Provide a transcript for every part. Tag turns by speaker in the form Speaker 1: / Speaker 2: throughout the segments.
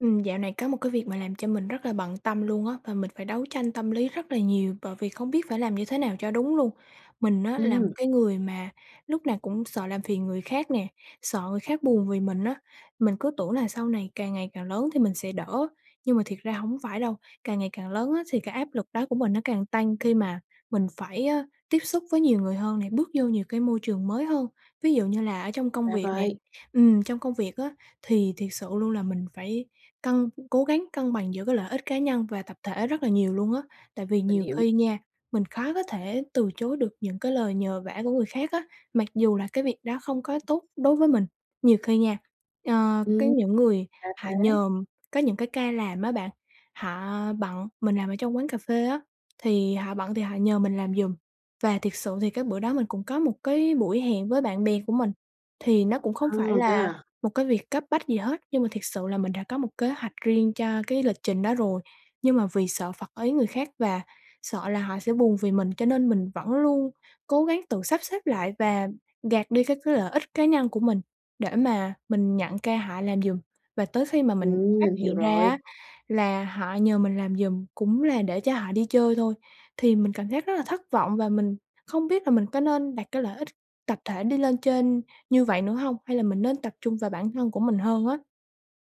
Speaker 1: Ừm, dạo này có một cái việc mà làm cho mình rất là bận tâm luôn á, và mình phải đấu tranh tâm lý rất là nhiều bởi vì không biết phải làm như thế nào cho đúng luôn. Mình á là một
Speaker 2: Ừm.
Speaker 1: cái người mà lúc nào cũng sợ làm phiền người khác nè, sợ người khác buồn vì mình á. Mình cứ tưởng là sau này càng ngày càng lớn thì mình sẽ đỡ, nhưng mà thiệt ra hổng phải đâu, càng ngày càng lớn á thì cái áp lực đó của mình nó càng tăng khi mà mình phải, a, tiếp xúc với nhiều người hơn nè, bước vô nhiều cái môi trường mới hơn, ví dụ như là ở trong công
Speaker 2: Ra
Speaker 1: việc nè.
Speaker 2: vậy.
Speaker 1: Ừm, trong công việc á, thì thiệt sự luôn là mình phải cân cố gắng cân bằng giữa cái lợi ích cá nhân và tập thể rất là nhiều luôn á. Tại vì
Speaker 2: Mình
Speaker 1: nhiều
Speaker 2: hiểu.
Speaker 1: khi nha, mình khó có thể từ chối được những cái lời nhờ vả của người khác á, mặc dù là cái việc đó không có tốt đối với mình. Nhiều khi nha, ờ, có
Speaker 2: Ừm,
Speaker 1: những người
Speaker 2: ra
Speaker 1: họ
Speaker 2: thế.
Speaker 1: nhờ có những cái ca làm á bạn, họ bận, mình làm ở trong quán cà phê á, thì họ bận thì họ nhờ mình làm giùm và thiệt sự thì cái bữa đó mình cũng có một cái buổi hẹn với bạn bè của mình, thì nó cũng không
Speaker 2: À,
Speaker 1: phải
Speaker 2: thế
Speaker 1: là
Speaker 2: à?
Speaker 1: một cái việc cấp bách gì hết, nhưng mà thiệt sự là mình đã có một kế hoạch riêng cho cái lịch trình đó rồi, nhưng mà vì sợ phật ý người khác và sợ là họ sẽ buồn vì mình cho nên mình vẫn luôn cố gắng tự sắp xếp lại và gạt đi cái cái lợi ích cá nhân của mình để mà mình nhận ca họ làm giùm. Và tới khi mà mình
Speaker 2: Ừm,
Speaker 1: phát
Speaker 2: mình hiểu
Speaker 1: hiện ra
Speaker 2: rồi.
Speaker 1: á là họ nhờ mình làm giùm cũng là để cho họ đi chơi thôi, thì mình cảm giác rất là thất vọng và mình không biết là mình có nên đặt cái lợi ích tập thể đi lên trên như vậy nữa hông, hay là mình nên tập trung vào bản thân của mình hơn á?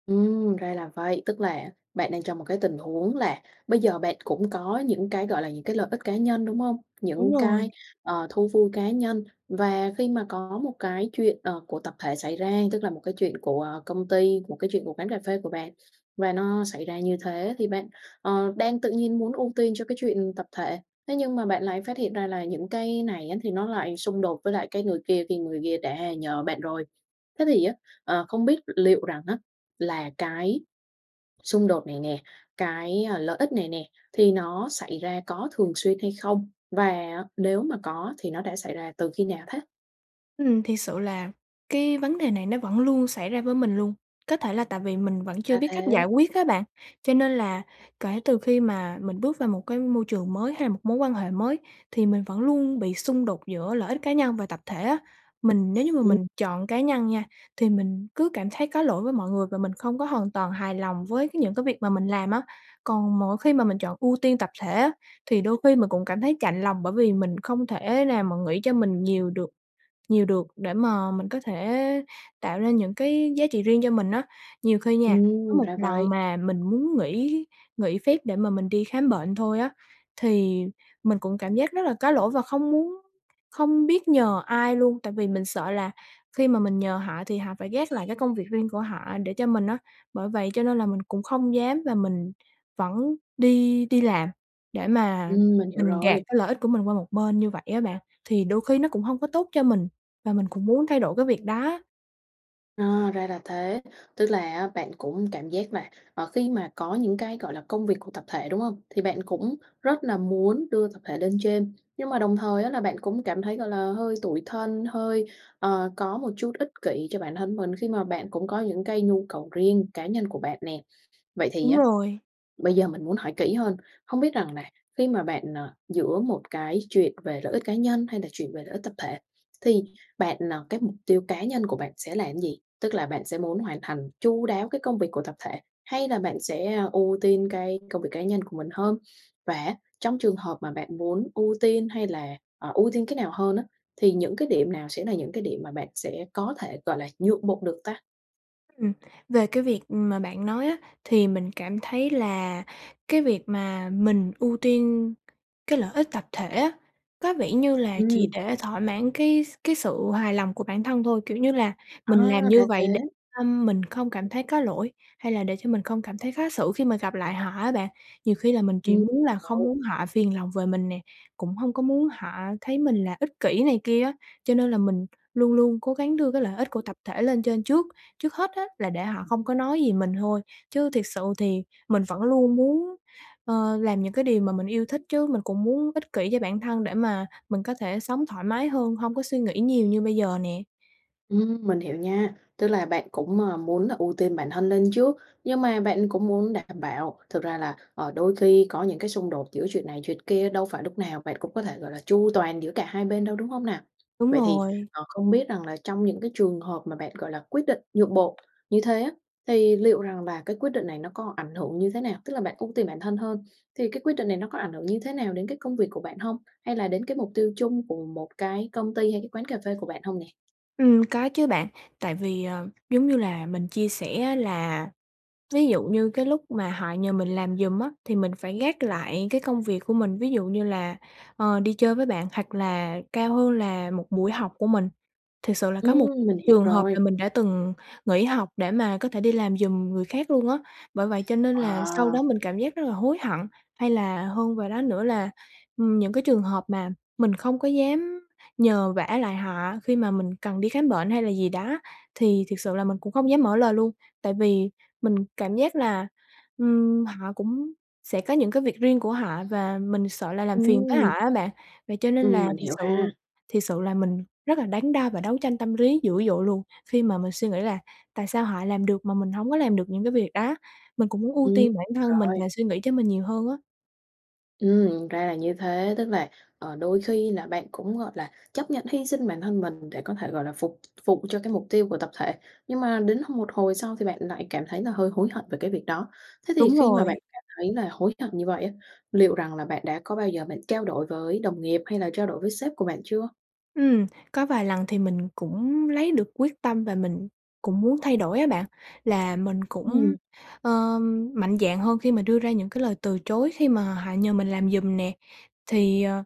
Speaker 2: Ừm, ra là vậy, tức là bạn đang trong một cái tình huống là bây giờ bạn cũng có những cái, gọi là, những cái lợi ích cá nhân, đúng hông?
Speaker 1: Đúng
Speaker 2: Những
Speaker 1: rồi.
Speaker 2: cái, ờ, thú vui cá nhân và khi mà có một cái chuyện, ờ, của tập thể xảy ra, tức là một cái chuyện của, ờ, công ty, một cái chuyện của quán cà phê của bạn và nó xảy ra như thế thì bạn, ờ, đang tự nhiên muốn ưu tiên cho cái chuyện tập thể, thế nhưng mà bạn lại phát hiện ra là những cái này á, thì nó lại xung đột với lại cái người kia khi người kia đã nhờ bạn rồi. Thế thì á, ờ, không biết liệu rằng á là cái xung đột này nè, cái, à, lợi ích này nè thì nó xảy ra có thường xuyên hay không? Và nếu mà có thì nó đã xảy ra từ khi nào thế?
Speaker 1: Ừm, thiệt sự là cái vấn đề này nó vẫn luôn xảy ra với mình luôn, có thể là tại vì mình vẫn chưa
Speaker 2: Ra
Speaker 1: biết cách
Speaker 2: thế.
Speaker 1: giải quyết á bạn, cho nên là kể từ khi mà mình bước vào một cái môi trường mới hay là một mối quan hệ mới thì mình vẫn luôn bị xung đột giữa lợi ích cá nhân và tập thể á. Mình nếu như mà
Speaker 2: Ừm.
Speaker 1: mình chọn cá nhân nha, thì mình cứ cảm thấy có lỗi với mọi người và mình không có hoàn toàn hài lòng với cái những cái việc mà mình làm á, còn mỗi khi mà mình chọn ưu tiên tập thể á thì đôi khi mình cũng cảm thấy chạnh lòng bởi vì mình không thể nào mà nghĩ cho mình nhiều được nhiều được để mà mình có thể tạo ra những cái giá trị riêng cho mình á. Nhiều khi nha, có
Speaker 2: Ừm,
Speaker 1: một
Speaker 2: ra
Speaker 1: lần
Speaker 2: vậy.
Speaker 1: mà mình muốn nghỉ nghỉ phép để mà mình đi khám bệnh thôi á, thì mình cũng cảm giác rất là có lỗi và không muốn không biết nhờ ai luôn, tại vì mình sợ là khi mà mình nhờ họ thì họ phải gác lại cái công việc riêng của họ để cho mình á. Bởi vậy cho nên là mình cũng không dám và mình vẫn đi đi làm để mà
Speaker 2: Ừm, mình hiểu
Speaker 1: mình gạt
Speaker 2: rồi!
Speaker 1: cái lợi ích của mình qua một bên như vậy á bạn, thì đôi khi nó cũng hông có tốt cho mình và mình cũng muốn thay đổi cái việc đó.
Speaker 2: Ờ, ra là thế, tức là á, bạn cũng cảm giác là, ờ, khi mà có những cái, gọi là, công việc của tập thể, đúng hông? Thì bạn cũng rất là muốn đưa tập thể lên trên, nhưng mà đồng thời á, là bạn cũng cảm thấy, gọi là, hơi tủi thân, hơi, ờ, có một chút ích kỷ cho bản thân mình, khi mà bạn cũng có những cái nhu cầu riêng cá nhân của bạn nè. Vậy thì
Speaker 1: Đúng
Speaker 2: á,
Speaker 1: rồi.
Speaker 2: bây giờ mình muốn hỏi kỹ hơn, hông biết rằng là, khi mà bạn ờ, giữa một cái chuyện về lợi ích cá nhân hay là chuyện về lợi ích tập thể, thì bạn ờ, cái mục tiêu cá nhân của bạn sẽ làm cái gì? Tức là bạn sẽ muốn hoàn thành chu đáo cái công việc của tập thể hay là bạn sẽ, a, ưu tiên cái công việc cá nhân của mình hơn? Và á, trong trường hợp mà bạn muốn ưu tiên hay là ờ, ưu tiên cái nào hơn á, thì những cái điểm nào sẽ là những cái điểm mà bạn sẽ có thể, gọi là, nhượng bộ được ta?
Speaker 1: Ừm, về cái việc, ừm, mà bạn nói á, thì mình cảm thấy là cái việc mà mình ưu tiên cái lợi ích tập thể á, có vẻ như là chỉ
Speaker 2: Ừm.
Speaker 1: để thỏa mãn cái s cái sự hài lòng của bản thân thôi, kiểu như là, mình làm
Speaker 2: À! Ra
Speaker 1: như
Speaker 2: thế.
Speaker 1: vậy để tâm mình không cảm thấy có lỗi, hay là để cho mình không cảm thấy khó xử khi mà gặp lại họ á bạn. Nhiều khi là mình chỉ
Speaker 2: Ừm.
Speaker 1: muốn là không
Speaker 2: [unintelligible]
Speaker 1: muốn họ phiền lòng về mình nè, cũng hông có muốn họ thấy mình là ích kỷ này kia á, cho nên là mình luôn luôn cố gắng đưa cái lợi ích của tập thể lên trên trước. Trước hết á, là để họ không có nói gì mình thôi, chứ thiệt sự thì mình vẫn luôn muốn, ơ, làm những cái điều mà mình yêu thích chứ, mình cũng muốn ích kỷ cho bản thân để mà mình có thể sống thoải mái hơn, hông có suy nghĩ nhiều như bây giờ nè.
Speaker 2: Ừm, mình hiểu nha, tức là bạn cũng, ờ, muốn là ưu tiên bản thân lên trước, nhưng mà bạn cũng muốn đảm bảo thực ra là, ờ, đôi khi có những cái xung đột giữa chuyện này chuyện kia đâu phải lúc nào bạn cũng có thể, gọi là, chu toàn giữa cả hai bên đâu, đúng hông nà?
Speaker 1: Đúng
Speaker 2: Vậy thì,
Speaker 1: rồi.
Speaker 2: ờ, không biết rằng là trong những cái trường hợp mà bạn, gọi là, quyết định nhượng bộ như thế á, thì liệu rằng là cái quyết định này nó có ảnh hưởng như thế nào? Tức là bạn ưu tiên bản thân hơn, thì cái quyết định này nó có ảnh hưởng như thế nào đến cái công việc của bạn hông? Hay là đến cái mục tiêu chung của một cái công ty hay cái quán cà phê của bạn hông nè?
Speaker 1: Ừm, có chứ bạn tại vì, ờ, giống như là mình chia sẻ á là, ví dụ như cái lúc mà họ nhờ mình làm giùm á, thì mình phải gác lại cái công việc của mình, ví dụ như là, ờ, đi chơi với bạn hoặc là cao hơn là một buổi học của mình. Thiệt sự là có một
Speaker 2: Ừm, mình hiểu
Speaker 1: trường hợp
Speaker 2: rồi.
Speaker 1: là mình đã từng nghỉ học để mà có thể đi làm giùm người khác luôn á, bởi vậy cho nên là sau đó
Speaker 2: Wow!
Speaker 1: mình cảm giác rất là hối hận. Hay là hơn vào đó nữa là, ừm, những cái trường hợp mà mình không có dám nhờ vả lại họ khi mà mình cần đi khám bệnh hay là gì đó, thì thiệt sự là mình cũng không dám mở lời luôn, tại vì mình cảm giác là, ừm, họ cũng sẽ có những cái việc riêng của họ và mình sợ là làm phiền tới họ
Speaker 2: Ừm.
Speaker 1: á bạn. Vậy cho nên
Speaker 2: Ừm,
Speaker 1: là
Speaker 2: mình
Speaker 1: thiệt
Speaker 2: hiểu
Speaker 1: sự
Speaker 2: ha.
Speaker 1: thiệt sự là mình rất là đắn đo và đấu tranh tâm lý dữ dội luôn, khi mà mình suy nghĩ là "Tại sao họ làm được mà mình hổng có làm được những cái việc đó?" mình cũng muốn ưu
Speaker 2: Ừm,
Speaker 1: tiên bản thân mình
Speaker 2: rồi.
Speaker 1: và suy nghĩ cho mình nhiều hơn á.
Speaker 2: Ừm, ra là như thế, tức là, ờ, đôi khi là bạn cũng, gọi là, chấp nhận hy sinh bản thân mình để có thể, gọi là, phục vụ cho cái mục tiêu của tập thể, nhưng mà đến hồi một hồi sau thì bạn lại cảm thấy là hơi hối hận về cái việc đó. Thế thì
Speaker 1: Đúng
Speaker 2: khi mà
Speaker 1: rồi.
Speaker 2: bạn cảm thấy là hối hận như vậy á, liệu rằng là bạn đã có bao giờ bạn trao đổi với đồng nghiệp hay là trao đổi với sếp của bạn chưa?
Speaker 1: Ừm, có vài lần thì mình cũng lấy được quyết tâm và mình cũng muốn thay đổi á bạn, là mình
Speaker 2: Ừm.
Speaker 1: cũng, ơ, mạnh dạn hơn khi mà đưa ra những cái lời từ chối khi mà họ nhờ mình làm giùm nè, thì, ờ,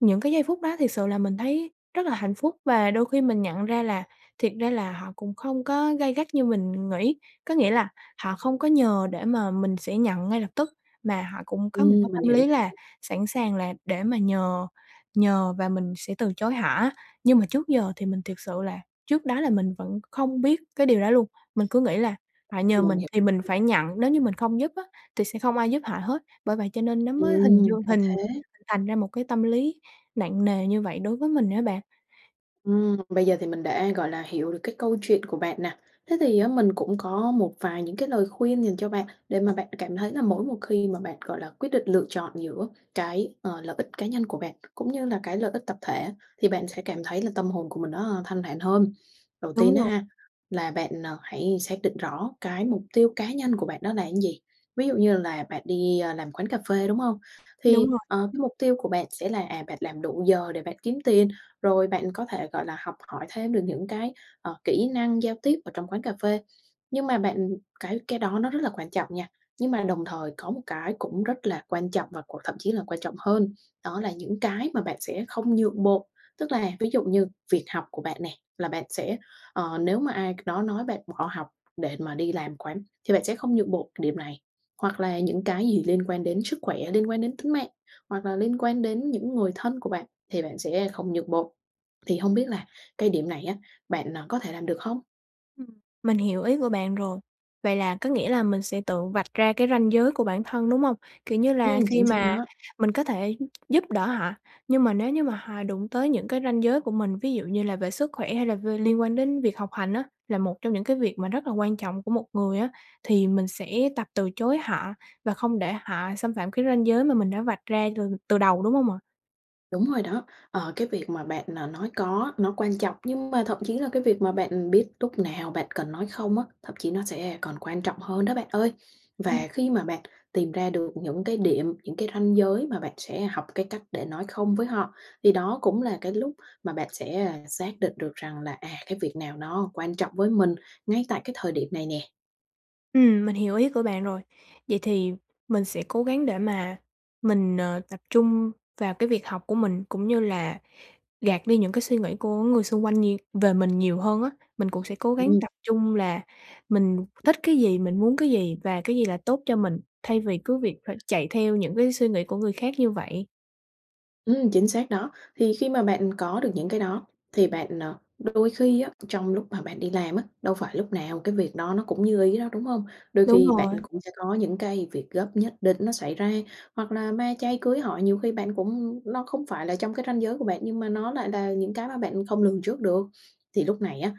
Speaker 1: những cái giây phút đó thiệt sự là mình thấy rất là hạnh phúc và đôi khi mình nhận ra là thiệt ra là họ cũng không có gay gắt như mình nghĩ. Có nghĩa là họ không có nhờ để mà mình sẽ nhận ngay lập tức, mà họ cũng có một cái
Speaker 2: Ừm, mình
Speaker 1: tâm
Speaker 2: hiểu.
Speaker 1: lý là sẵn sàng là để mà nhờ nhờ và mình sẽ từ chối họ á. Nhưng mà trước giờ thì mình thiệt sự là trước đó là mình vẫn không biết cái điều đó luôn, mình cứ nghĩ là họ nhờ
Speaker 2: Mình
Speaker 1: mình
Speaker 2: hiểu.
Speaker 1: thì mình phải nhận, nếu như mình không giúp á thì sẽ không ai giúp họ hết. Bởi vậy cho nên nó mới hình
Speaker 2: Ừm,
Speaker 1: dương
Speaker 2: ra
Speaker 1: hình
Speaker 2: thế.
Speaker 1: thành ra một cái tâm lý nặng nề như vậy đối với mình á bạn.
Speaker 2: Ừm, bây giờ thì mình đã, gọi là, hiểu được cái câu chuyện của bạn nè, thế thì á mình cũng có một vài những cái lời khuyên dành cho bạn, để mà bạn cảm thấy là mỗi một khi mà bạn, gọi là, quyết định lựa chọn giữa cái, ờ, lợi ích cá nhân của bạn, cũng như là cái lợi ích tập thể thì bạn sẽ cảm thấy là tâm hồn của mình nó, ơ, thanh thản hơn. Đầu tiên
Speaker 1: Đúng
Speaker 2: á
Speaker 1: rồi.
Speaker 2: ha, là bạn, ờ, hãy xác định rõ cái mục tiêu cá nhân của bạn đó là gì, ví dụ như là bạn đi, à, làm quán cà phê, đúng hông?
Speaker 1: Đúng
Speaker 2: Thì,
Speaker 1: rồi.
Speaker 2: ờ, cái mục tiêu của bạn sẽ là, à, bạn làm đủ giờ để bạn kiếm tiền, rồi bạn có thể, gọi là, học hỏi thêm được những cái, ờ, kỹ năng giao tiếp ở trong quán cà phê, nhưng mà bạn cái cái đó nó rất là quan trọng nha. Nhưng mà đồng thời có một cái cũng rất là quan trọng và còn thậm chí là quan trọng hơn, đó là những cái mà bạn sẽ không nhượng bộ. Tức là ví dụ như việc học của bạn nè là bạn sẽ, ờ, nếu mà ai đó nói bạn bỏ học để mà đi làm quán thì bạn sẽ không nhượng bộ điểm này, hoặc là những cái gì liên quan đến sức khỏe, liên quan đến tính mạng, hoặc là liên quan đến những người thân của bạn thì bạn sẽ không nhượng bộ. Thì hông biết là cái điểm này á bạn, ờ, có thể làm được không?
Speaker 1: Ừm, mình hiểu ý của bạn rồi, vậy là có nghĩa là mình sẽ tự vạch ra cái ranh giới của bản thân, đúng hông? Kiểu như là
Speaker 2: Ừm,
Speaker 1: khi
Speaker 2: chính xác
Speaker 1: mà
Speaker 2: đó.
Speaker 1: mình có thể giúp đỡ họ, nhưng mà nếu như mà họ đụng tới những cái ranh giới của mình, ví dụ như là về sức khỏe hay là v liên quan đến việc học hành á, là một trong những cái việc mà rất là quan trọng của một người á, thì mình sẽ tập từ chối họ và không để họ xâm phạm cái ranh giới mà mình đã vạch ra từ từ đầu, đúng hông ạ?
Speaker 2: Đúng rồi đó. Ờ, cái việc mà bạn, à, nói có nó quan trọng, nhưng mà thậm chí là cái việc mà bạn, ừm, biết lúc nào bạn cần nói không á, thậm chí nó sẽ còn quan trọng hơn đó bạn ơi.
Speaker 1: Ừm.
Speaker 2: Và khi mà bạn tìm ra được những cái điểm, những cái ranh giới mà bạn sẽ học cái cách để nói không với họ, thì đó cũng là cái lúc mà bạn sẽ, ơ, xác định được rằng là, à, cái việc nào nó quan trọng với mình ngay tại cái thời điểm này nè.
Speaker 1: Ừm, mình hiểu ý của bạn rồi, vậy thì mình sẽ cố gắng để mà mình, ờ, tập trung vào cái việc học của mình cũng như là gạt đi những cái suy nghĩ của người xung quanh nhiều về mình nhiều hơn á. Mình cũng sẽ cố gắng
Speaker 2: Ừm.
Speaker 1: tập trung là mình thích cái gì, mình muốn cái gì và cái gì là tốt cho mình thay vì cứ việc phải chạy theo những cái suy nghĩ của người khác như vậy.
Speaker 2: Ừm, chính xác đó. Thì khi mà bạn có được những cái đó thì bạn, ờ, đôi khi á trong lúc mà bạn đi làm á, đâu phải lúc nào cái việc đó nó cũng như ý đâu, đúng hông? Đôi
Speaker 1: Đúng
Speaker 2: khi bạn
Speaker 1: rồi.
Speaker 2: cũng sẽ có những cái việc gấp nhất định nó xảy ra hoặc là ma chay, cưới hỏi nhiều khi bạn cũng nó không phải là trong cái ranh giới của bạn nhưng mà nó lại là những cái mà bạn không lường trước được. Thì lúc này á,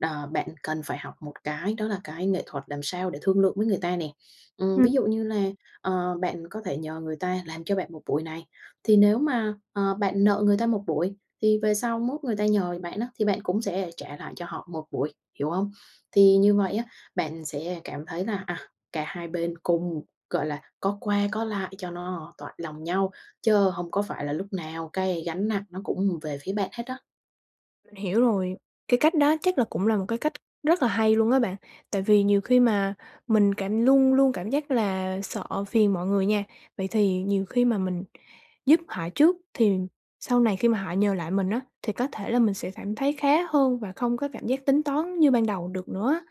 Speaker 2: đờ, bạn cần phải học một cái đó là cái nghệ thuật làm sao để thương lượng với người ta nè. Ừm,
Speaker 1: Ừm.
Speaker 2: ví dụ như là, ờ, bạn có thể nhờ người ta làm cho bạn 1 buổi này, thì nếu mà, ờ, bạn nợ người ta 1 buổi thì về sau mốt người ta nhờ gì bạn á, thì bạn cũng sẽ lại trả lại cho họ 1 buổi, hiểu hông?
Speaker 1: [unintelligible]
Speaker 2: Thì như vậy á, bạn sẽ cảm thấy là, à, cả hai bên cùng, gọi là, có qua có lại cho nó toại lòng nhau, chớ hông có phải là lúc nào cái gánh nặng nó cũng, ừm, về phía bạn hết á.
Speaker 1: Mình hiểu rồi, cái cách đó chắc là cũng là một cái cách rất là hay luôn á bạn. Tại vì nhiều khi mà mình cảm luôn luôn cảm giác là sợ phiền mọi người nha. Vậy thì nhiều khi mà mình giúp họ trước thì sau này khi mà họ nhờ lại mình á thì có thể là mình sẽ cảm thấy khá hơn và không có cảm giác tính toán như ban đầu được nữa á.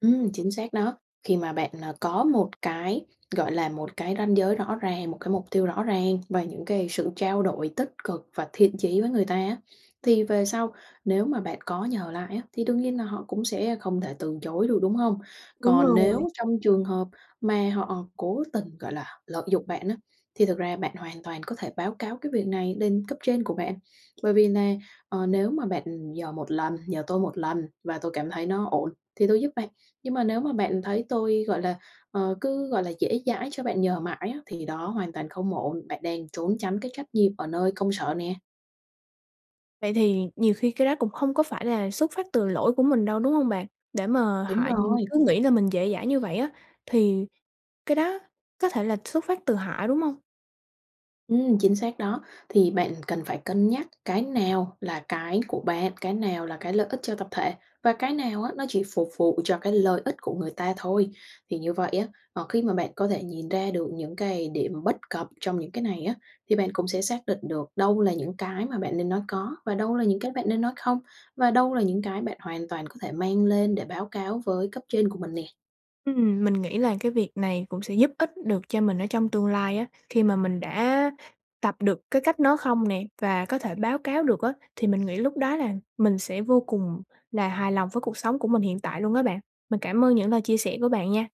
Speaker 2: Ừm, chính xác đó, khi mà bạn, ờ, có một cái, gọi là, một cái ranh giới rõ ràng, một cái mục tiêu rõ ràng và những cái sự trao đổi tích cực và thiện chí với người ta á, thì về sau nếu mà bạn có nhờ lại á, thì đương nhiên là họ cũng sẽ không thể từ chối được, đúng không?
Speaker 1: Đúng
Speaker 2: Còn
Speaker 1: rồi.
Speaker 2: nếu trong trường hợp mà họ cố tình, gọi là, lợi dụng bạn á, thì thực ra bạn hoàn toàn có thể báo cáo cái việc này lên cấp trên của bạn bởi vì nà: "Ờ, nếu mà bạn nhờ một lần, nhờ tôi một lần và tôi cảm thấy nó ổn thì tôi giúp bạn nhưng mà nếu mà bạn thấy tôi, gọi là, ờ, cứ, gọi là, dễ dãi cho bạn nhờ mãi á, thì đó hoàn toàn không ổn, bạn đang trốn tránh cái trách nhiệm ở nơi công sở." nè.
Speaker 1: Vậy thì nhiều khi cái đó cũng hông có phải là xuất phát từ lỗi của mình đâu, đúng hông bạn? Để mà họ,
Speaker 2: Đúng
Speaker 1: ừm,
Speaker 2: rồi.
Speaker 1: cứ nghĩ là mình dễ dãi như vậy á, thì cái đó có thể là xuất phát từ họ, đúng hông?
Speaker 2: Ừm, chính xác đó, thì bạn cần phải cân nhắc cái nào là cái của bạn, cái nào là cái lợi ích cho tập thể và cái nào á, nó chỉ phục vụ cho cái lợi ích của người ta thôi. Thì như vậy á, ờ, khi mà bạn có thể nhìn ra được những cái điểm bất cập trong những cái này á, thì bạn cũng sẽ xác định được đâu là những cái mà bạn nên nói có, và đâu là những cái bạn nên nói không, và đâu là những cái bạn hoàn toàn có thể mang lên để báo cáo với cấp trên của mình nè.
Speaker 1: Ừm, mình nghĩ là cái việc này cũng sẽ giúp ích được cho mình ở trong tương lai á, khi mà mình đã tập được cái cách nói không nè và có thể báo cáo được á, thì mình nghĩ lúc đó là mình sẽ vô cùng là hài lòng với cuộc sống của mình hiện tại luôn á bạn. Mình cảm ơn những lời chia sẻ của bạn nha!